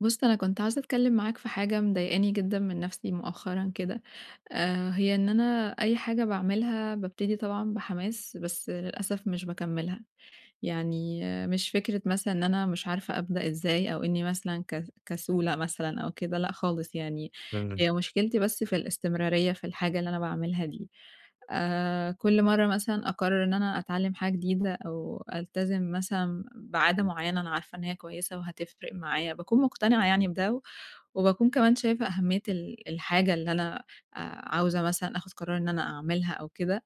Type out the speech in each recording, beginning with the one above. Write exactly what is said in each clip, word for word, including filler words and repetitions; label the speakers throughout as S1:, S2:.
S1: بُصّ أنا كنت عايزة أتكلّم معاك في حاجة مضايقاني جدًا من نَفْسي مؤخرًا كده. آآ، هي إن أنا أي حاجة باعملها بابتدي طبعًا بحماس بس للأسف مش باكمّلها، يعني مش فكرة مثلًا إن أنا مش عارفة أبدأ إزاي أو إني مثلًا ك كسولة مثلًا أو كده، لأ خالص يعني،
S2: [unintelligible]
S1: هي مشكلتي بس في الاستمرارية في الحاجة اللي أنا باعملها دي، آآ، كل مرّة مثلًا أقرّر إن أنا أتعلّم حاجة جديدة أو ألتزم مثلًا بعادة معيّنة أنا عارفة إن هي كويّسة وهتفرق معايا، باكون مقتنعة يعني بده و وباكون كمان شايفة أهميّة ال الحاجة اللي أنا آآ، عاوزة مثلًا آخُد قرار إن أنا أعملها أو كده،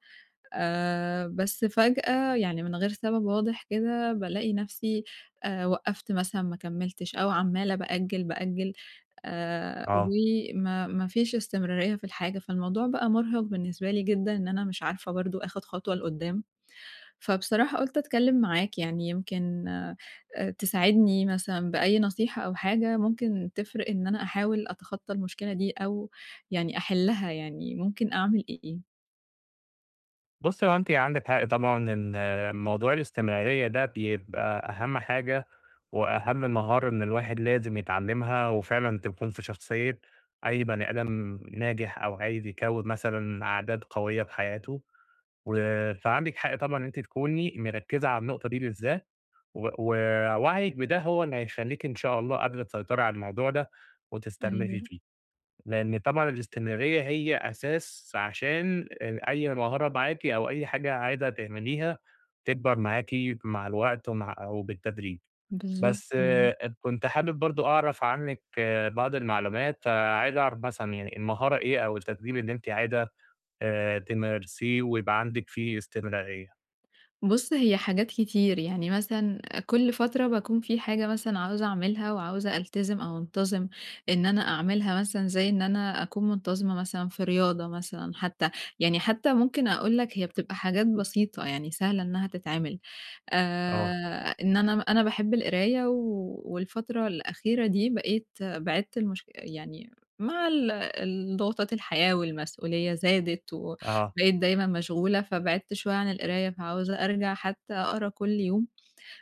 S1: آآ، بس فجأة يعني من غير سبب واضح كده بالاقي نَفْسي، آآ، وقّفت مثلًا ما كمّلتش أو عمّالة بأجّل، بأجّل، آآ،
S2: آه.
S1: وما ما فيش استمرارية في الحاجة، فالموضوع بقى مُرهِق بالنسبة لي جدًا إن أنا مش عارفة برضه آخُد خطوة لقُدّام، فبصراحة قُلت أتكلّم معاك يعني يمكن آآ، تساعدني مثلًا بأي نصيحة أو حاجة ممكن تفرق إن أنا أحاول أتخطّى المشكلة دي أو يعني أحلّها، يعني ممكن أعمل إ إيه؟
S2: بُصّي، هو أنتِ عَندِك حق طبعًا إن موضوع الاستمرارية ده بيبقى أهم حاجة، وأهم مهارة إن الواحد لازم يتعلّمها وفعلًا تكون في شخصية أي بني آدم ناجح أو عايز يكوّن مثلًا عادات قوية في حياته. و فعَندِك حق طبعًا إن أنتِ تكوني مركّزة على النقطة دي بالذات، و ووعيك بده هو اللي هيخلّيكِ إن شاء الله قادرة تسيطري على الموضوع ده وتستمري
S1: أيوَه.
S2: فيه، لأن طبعًا الاستمرارية هي أساس عشان ان أي مهارة معاكِ أو أي حاجة عايزة تعمليها تكبَر معاكِ مع الوقت ومع أو بالتدريب.
S1: بالضبط
S2: بس
S1: يعني.
S2: كنت حابب برضه أعرَف عنِّك بعض المعلومات، فعايز أعرف مثلًا يعني، المهارة إيه أو التدريب اللي أنتِ عايزة آآ تمارسيه ويبقى عَندِك فيه استمرارية؟
S1: بُص، هي حاجات كتير، يعني مثلًا كل فترة باكون في حاجة مثلًا عاوزة أعملها وعاوزة ألتزم أو أنتظم إن أنا أعملها، مثلًا زي إن أنا أكون منتظمة مثلًا في رياضة مثلًا حتّى، يعني حتّى ممكن أقول لك هي بتبقى حاجات بسيطة، يعني سهلة إنها تتعمل.
S2: آه.
S1: آآ، إن أنا م أنا باحب القراية و والفترة الأخيرة دي بقيت بعِدت المشك يعني مع ال الضغوطات الحياة، والمسؤولية زادت،
S2: آه.
S1: وبقيت دايمًا مشغولة؛ فبعدت شوية عن القراية، فعاوزة أرجَع حتى أقرا كل يوم،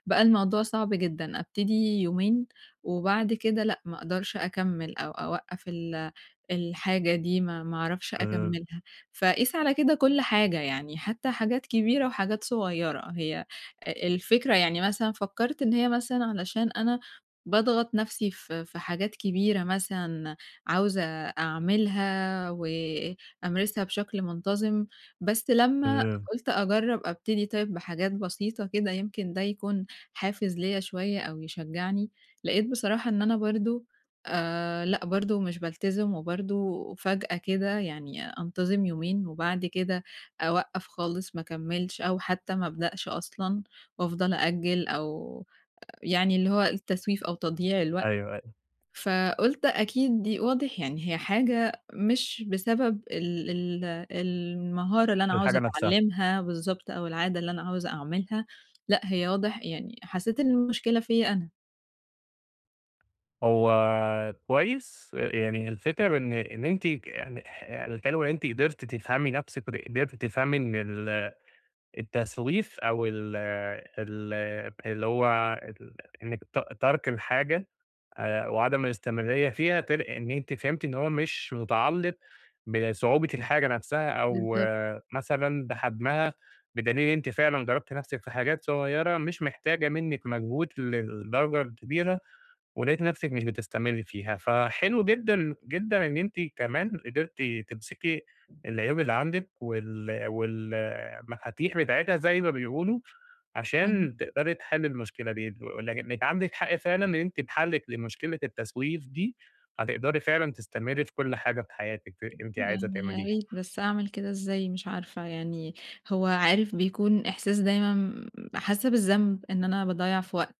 S1: بقى الموضوع صعب جدًا، أبتدي يومين، وبَعد كده لأ، ما أقدرش أكمّل، أو أوقّف ال الحاجة دي، ما ما أعرفش
S2: [unintelligible]
S1: أكمّلها. فقيس على كده كل حاجة، يعني حتّى حاجات كبيرة وحاجات صغيّرة. هي أ الفكرة يعني مثلًا فكّرت إن هي مثلًا علشان أنا باضغط نَفْسي ف في حاجات كبيرة مثلًا عاوزة أعملها وأمارسها بشكل منتظم، بس لمّا
S2: [unintelligible]
S1: قُلت أجرّب أبتدي طيّب بحاجات بسيطة كده يمكن ده يكون حافز ليَّ شويّة أو يشجّعني، لقيت بصراحة إن أنا برضه، آآ لأ، برضه مش بالتزم، وبرضه فجأة كده يعني أنتظم يومين، وبَعد كده أوقّف خالص ما أكمّلش أو حتّى ما أبدأش أصلًا، وأفضل أأجل أو يعني اللي هو التسويف أو تضييع الوقت،
S2: أيوَه أي
S1: فقُلت أكيد دي واضح يعني، هي حاجة مش بسبب ال ال المهارة اللي أنا عاوزة
S2: الحاجة نَفْسها.
S1: أتعلمها بالضبط، أو العادة اللي أنا عاوزة أعملها، لأ، هي واضح، يعني حسّيت إن المشكلة فيَّ أنا.
S2: هو كويس، ي يعني هي الفكرة بإن إن أنتِ [unintelligible] أنتِ قدرتِ تفهمي نَفْسِك، ود قدرتِ تفهمي إن ال التسويف أو ال ال اللي هو ال إنِّك ت تَرْك الحاجة آآ وعدم الاستمرارية فيها تل إن أنتِ فهمتِ إن هو مش متعلّق بصعوبة الحاجة نَفْسها أو
S1: بالضبط.
S2: مثلًا بحجمها، بدليل أنتِ فعلًا جرّبتِ نَفْسِك في حاجات صغيرة مش محتاجة منِّك مجهود للدرجة الكبيرة، ولقيتِ نَفْسِك مش بتستمرّي فيها. فحلو جدًا، جدًا إن أنتِ كمان قدرتِ تمسكي العيوب اللي عندِك وال وال المفاتيح بتاعتها زي ما بيقولوا،
S1: أي
S2: عشان تقدري تحلّي المشكلة دي، ولك إنِك عندِك حق فعلًا لإن أنتِ بحَلك لمشكلة التسويف دي، هتقدري فعلًا تستمري في كل حاجة في حياتِك ت أنتِ عايزة
S1: يعني يا
S2: تعمليها.
S1: ريت بس أعمل كده إزاي مش عارفة، يعني هو عارف بيكون إحساس دايمًا م حاسّة بالذنب إن أنا باضيّع في وقت،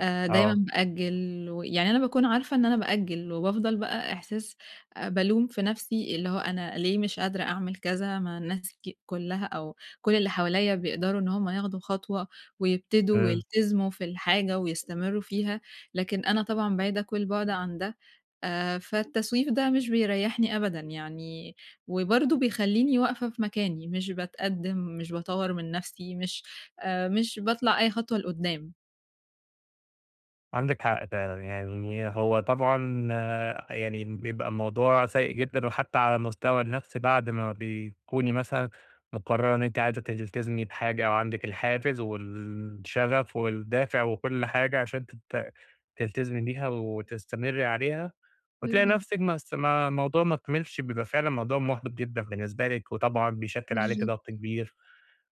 S1: آآ دايمًا
S2: آه.
S1: بأجّل ويعني أنا باكون عارفة إن أنا بأجّل وبافضل بقى إحساس آآ بالوم في نَفْسي اللي هو أنا ليه مش قادرة أعمل كذا مع الناس ك كُلّها أو كل اللي حوالي بيقدروا إن هم ياخدوا خطوة ويبتدوا
S2: إمم.
S1: ويلتزموا في الحاجة ويستمرّوا فيها، لكن أنا طبعًا بعيدة كل البُعد عن ده، آآ فالتسويف ده مش بيريّحني أبدًا، يعني وبرضه بيخلّيني واقفة في مكاني مش باتقدّم، مش باطوّر من نَفْسي، مش آآ مش باطلع أي خطوة لقُدّام.
S2: عندِك حق فعلًا، يعني هو طبعًا يعني بيبقى الموضوع سيء جدًا وحتى على المستوى النفسي بعد ما بتكُوني مثلًا مقرّرة إن أنتِ عايزة تلتزمي بحاجة أو عندِك الحافز والشغف والدافع وكل حاجة عشان ت تلتزمي بيها وتستمرّي عليها وتلاقي
S1: بالضبط.
S2: نَفْسِك ما اس ما الموضوع ما كمِلش، بيبقى فعلًا موضوع محبِط جدًا بالنسبة لِك وطبعًا بيشكّل عليكِ
S1: بالضبط.
S2: ضغط كبير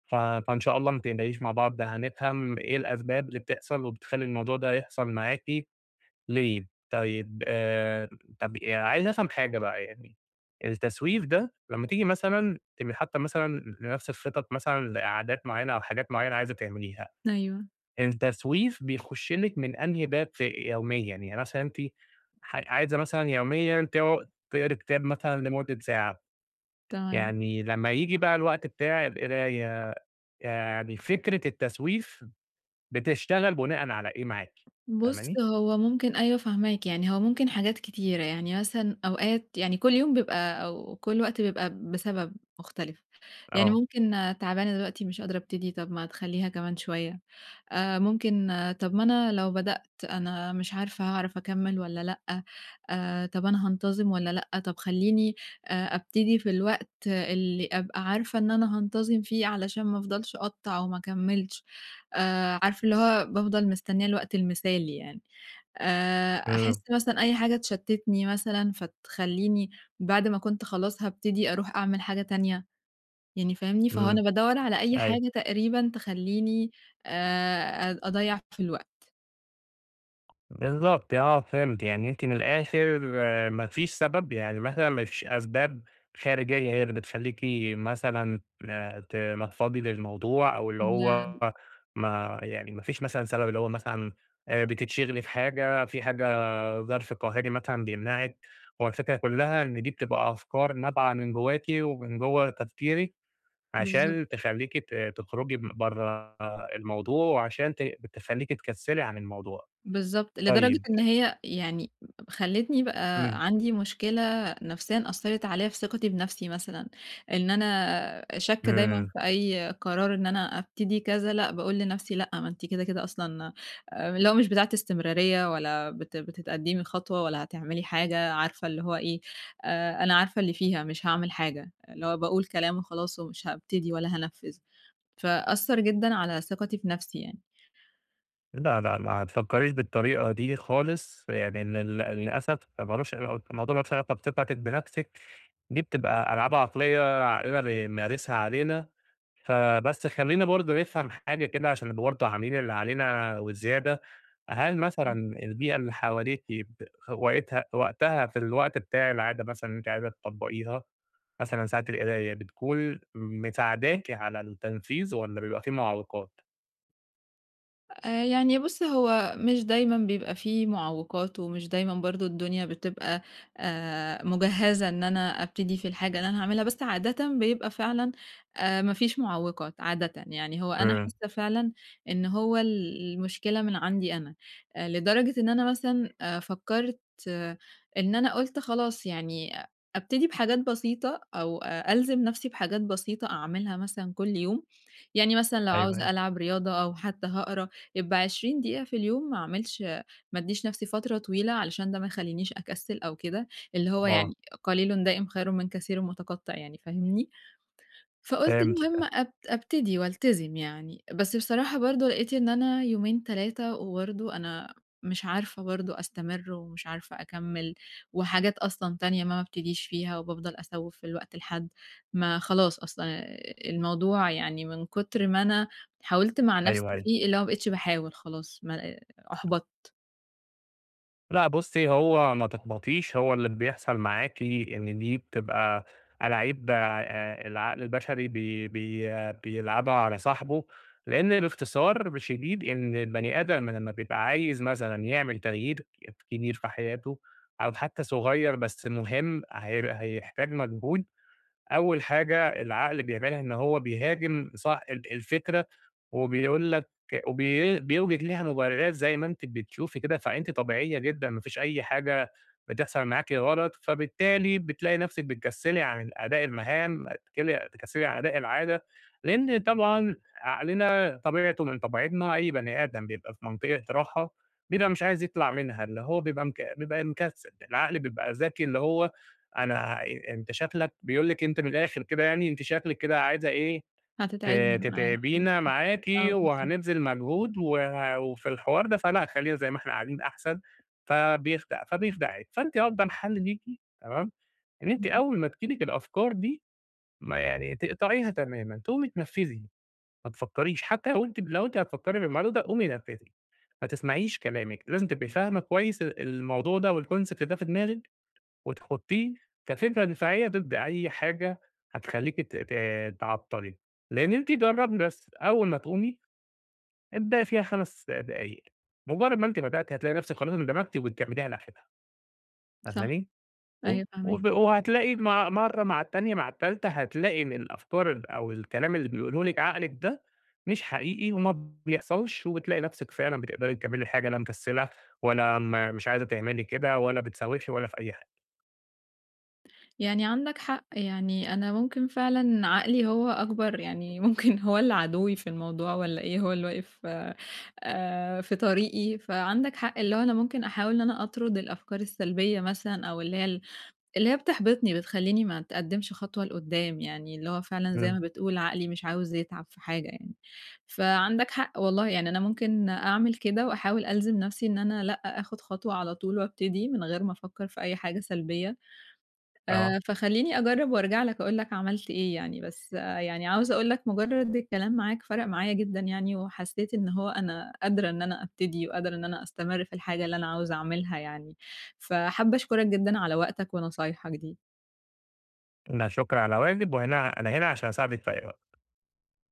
S2: ف فإن شاء الله ما تقلقيش مع بعض هنفهَم إيه الأسباب اللي بتحصَل وبتخلّي الموضوع ده يحصَل معاكِ ليه. طيب آآ، طَب عايز أفهَم حاجة بقى يعني، التسويف ده لمّا تيجي مثلًا تبقي حاطّة مثلًا لنَفْسك خِطط مثلًا لقعدات معيّنة أو حاجات معيّنة عايزة تعمليها،
S1: أيوه.
S2: التسويف بيخُش لِك من أنهي باب ف يوميًا، يعني مثلًا أنتِ ح عايزة مثلًا يوميًا ت تقرِي كتاب مثلًا لمدّة ساعة،
S1: تمام.
S2: يعني لمّا ييجي بقى الوقت بتاع القراية، يعني فكرة التسويف بتشتغل بُناءً على إيه معاكِ؟
S1: بُصّ،
S2: فاهماني؟
S1: هو ممكن أيوه فاهماك، يعني هو ممكن حاجات كتيرة، يعني مثلًا أوقات يعني كل يوم بيبقى أو كل وقت بيبقى بسبب مختلِف، يعني
S2: آه.
S1: ممكن تعبانة دلوقتي مش قادرة أبتدي، طَب ما تخلّيها كمان شوية آآ، ممكن طَب ما أنا لو بدأت أنا مش عارفة هاعرَف أكمّل والّا لأ آآ، طَب أنا هانتظم والّا لأ، طَب خلّيني آآ أبتدي في الوقت اللي أبقى عارفة إن أنا هانتظم فيه علشان ما أفضَلش أقطّع وما اكمّلش آآ، عارف اللي هو بافضَل مستنيّة الوقت المثالي يعني آآ،
S2: إمم.
S1: أحس مثلًا أي حاجة تشتّتني مثلًا فتخلّيني بعد ما كنت خلاص هابتدي أرُوح أعمل حاجة تانية، يعني فاهمني؟ فهو
S2: إمم،
S1: أنا بادوّر على أي
S2: أيوه.
S1: حاجة تقريبًا تخلّيني آآ أ أضيّع في الوقت.
S2: بالضبط، آه فهمت يعني أنتِ من الآخر ما فيش سبب يعني مثلًا ما فيش أسباب خارجية هي اللي بتخلّيكِ مثلًا تنفّضي للموضوع أو اللي هو
S1: [unintelligible]
S2: ما يعني ما فيش مثلًا سبب اللي هو مثلًا آآ، بتتشغلي في حاجة في حاجة ظرف قاهري مثلًا بيمنعِك، هو الفكرة كلّها إن دي بتبقى أفكار نابعة من جواكِ، ومن جوّه تفكيرِك
S1: بالضبط.
S2: عشان تخلّيكِ ت تخرُجي م برّا الموضوع، وعشان ت تخليكي تكسِّلي عن الموضوع.
S1: بالضبط، لدرجة
S2: طيّب
S1: إن هي يعني خلّتني بقى
S2: إمم.
S1: عندي مشكلة نفسيًا أثّرت عليَّ في ثقتي بنفسي مثلًا، إن أنا شاكّة دايمًا
S2: إمم.
S1: في أي قرار إن أنا أبتدي كذا لأ، باقول لنفسي لأ ما أنتِ كده، كده أصلًا آآ، اللي هو مش بتاعة استمرارية ولا بت بتتقدِّمي خطوة ولا هتعملي حاجة عارفة اللي هو إيه آآ، أنا عارفة اللي فيها مش هاعمل حاجة، اللي هو باقول كلام وخلاص ومش هابتدي ولا هانفِّذ، فأثّر جدًا على ثقتي في نفسي يعني.
S2: لا، لا، لا ما تفكّريش بالطريقة دي خالص، يعني لل للأسف مالوش علاقة الموضوع مالوش علاقة بثقتِك بنفسِك دي بتبقى ألعاب عقلية عقلنا بيمارسها علينا، فبس خلّينا برضه نفهم حاجة كده عشان نبقى برضه عاملين اللي علينا وزيادة، هل مثلًا
S1: إمم.
S2: البيئة اللي حواليكِ ب وقتها وقتها في الوقت بتاع العادة مثلًا اللي أنتِ عايزة تطبّقيها مثلًا ساعة القراية، بتكون مساعداكِ على التنفيذ والَّا بيبقى في معوّقات؟
S1: آآ، يعني بُصّ هو مش دايمًا بيبقى في معوّقات ومش دايمًا برضو الدنيا بتبقى، آآ مُجهَّزة إن أنا أبتدي في الحاجة اللي أنا هاعملها، بس عادةً بيبقى فعلًا، آآ، ما فيش معوّقات عادةً يعني هو أنا
S2: امم.
S1: حاسة فعلًا إن هو ال المشكلة من عندي أنا، آآ، لدرجة إن أنا مثلًا آآ، فكّرت، إن أنا قُلت خلاص يعني أ أبتدي بحاجات بسيطة، أو ألزم نَفْسي بحاجات بسيطة أعملها مثلًا كُلّ يوم، يعني مثلًا لو
S2: أيوَه،
S1: عاوزة
S2: أيوَه.
S1: ألعب رياضة أو حتى هاقرا، يبقى عشرين دقيقة في اليوم ما أعملش، ما أدّيش نَفْسي فترة طويلة علشان ده ما يخلينيش أكسّل أو كده، اللي هو
S2: آه.
S1: يعني قليلٌ دائم خيرٌ من كثيرٌ متقطِّع يعني فاهمني، فقُلت
S2: فهمتِك، أ
S1: المهم أب أبتدي وألتزم يعني، بس بصراحة برضه لقيت إن أنا يومين تلاتة وبرضه أنا مش عارفة برضه أستمر ومش عارفة أكمّل، وحاجات أصلًا تانية ما بابتديش فيها وبافضل أسوّف في الوقت لحَدّ ما خلاص أصلًا آآ، الموضوع يعني من كُتر ما أنا حاولت مع نَفْسي
S2: أيوَه، أيوَه.
S1: فيه اللي هو ما بقيتش باحاول خلاص، ما آآ، أُحبَطت.
S2: لأ بُصّي، هو ما تحبطيش هو اللي بيحصَل معاكِ إن دي بتبقى ألاعيب آآ، العقل البشري بي بي بيلعَبها على صاحبُه لإن باختصار شديد إن البني آدم لمّا بيبقى عايز مثلًا يعمل تغيير كبير في حياتُه أو حتى صغير بس مهم، هي هيحتاج مجهود، أول حاجة العقل بيعملها إن هو بيهاجم صاح ال الفكرة وبيقول لك وبي بيُوجد لها مبررات زَي ما أنتِ بتشوفي كده، فأنتِ طبيعية جدًا ما فيش أي حاجة بتحصَل معاكِ غلط، فبالتالي بتلاقي نَفْسك بتكسّلي عن أداء المهام تكسّلي تكسّلي عن أداء العادة لإن طبعًا عقلنا طبيعتُه من طبيعتنا أي بني آدم بيبقى في منطقة راحة بيبقى مش عايز يطلَع منها، اللي هو بيبقى مك بيبقى مكسّل العقل بيبقى ذكي اللي هو أنا أنت شكلك بيقول لِك أنتِ من الآخر كده يعني أنتِ شكلِك كده عايزة إيه ت
S1: هتتعبني معاك، إمم،
S2: تتعبينا معاكِ
S1: آه بالضبط.
S2: وهنبذِل مجهود وع وفي الحوار ده فلأ خلّينا زَي ما إحنا قاعدين أحسَن، فبيخدع، فبيخدعِك فأنتِ أفضَل حَل ليكِ، تمام، إن أنتِ
S1: إمم.
S2: أول ما تيجي لِك الأفكار دي ما يعني تقطَعيها تمامًا، تقومي تنفِّذي ما تفكّريش حتى لو أنتِ لو أنتِ هتفكّري في الموضوع ده قومي نفِّذي ما تسمَعيش كلامِك، لازم تبقي فاهمة كويس ال الموضوع ده والconcept ده في دماغِك، وتحطّيه كفكرة دفاعية ضد أي حاجة هتخلّيكي ت ت تعطّلي لإن أنتِ جربي بس أول ما تقومي ابدأي فيها خمس دقايق، مجرّد ما أنتِ بدأتِ هتلاقي نَفْسك خلاص اندمجتِ وبتكمّليها لآخرها.
S1: صح،
S2: فاهماني؟ وب
S1: أيوه فاهماك.
S2: وب وهتلاقي مع مرّه مع التانية مع التالتة هتلاقي إن الأفكار ال أو الكلام اللي بيقوله لِك عقلِك ده مش حقيقي وما بيحصَلش وبتلاقي نَفْسِك فعلًا بتقدَري تكمّلي الحاجة لا مكسّلة ولا م مش عايزة تعملي كده، ولا بتسوّفي ولا في أي حاجة.
S1: يعني عندك حق، يعني أنا ممكن فعلًا عقلي هو أكبَر يعني ممكن هو اللي عدوّي في الموضوع والَّا إيه، هو اللي واقف آآ، في طريقي فعندك حق اللي هو أنا ممكن أحاول إن أنا أطرد الأفكار السلبية مثلًا، أو اللي هي ال اللي هي بتحبِطني بتخلّيني ما اتقدِّمش خطوة لقُدّام يعني اللي هو فعلًا زَي
S2: إمم.
S1: ما بتقول عقلي مش عاوز يتعب في حاجة يعني، فعندك حق والله يعني أنا ممكن أعمل كده وأحاول ألزِم نَفْسي إن أنا لأ آخد خطوة على طُول وأبتدي من غير ما أفكّر في أي حاجة سلبية،
S2: آه.
S1: آآ، فخلّيني أجرّب وأرجَع لك أقول لك عملت إيه يعني، بس يعني عاوزة أقول لك مجرّد الكلام معاك فَرَق معايا جدًا يعني وحسيت إن هو أنا قادرة إن أنا أبتدي وقادرة إن أنا أستمرّ في الحاجة اللي أنا عاوزة أعملها يعني، فحابة أشكرك جدًا على وقتك ونصايحك دي.
S2: لا شُكر على واجب، وهنا أنا هنا عشان أساعدِك في أي وقت.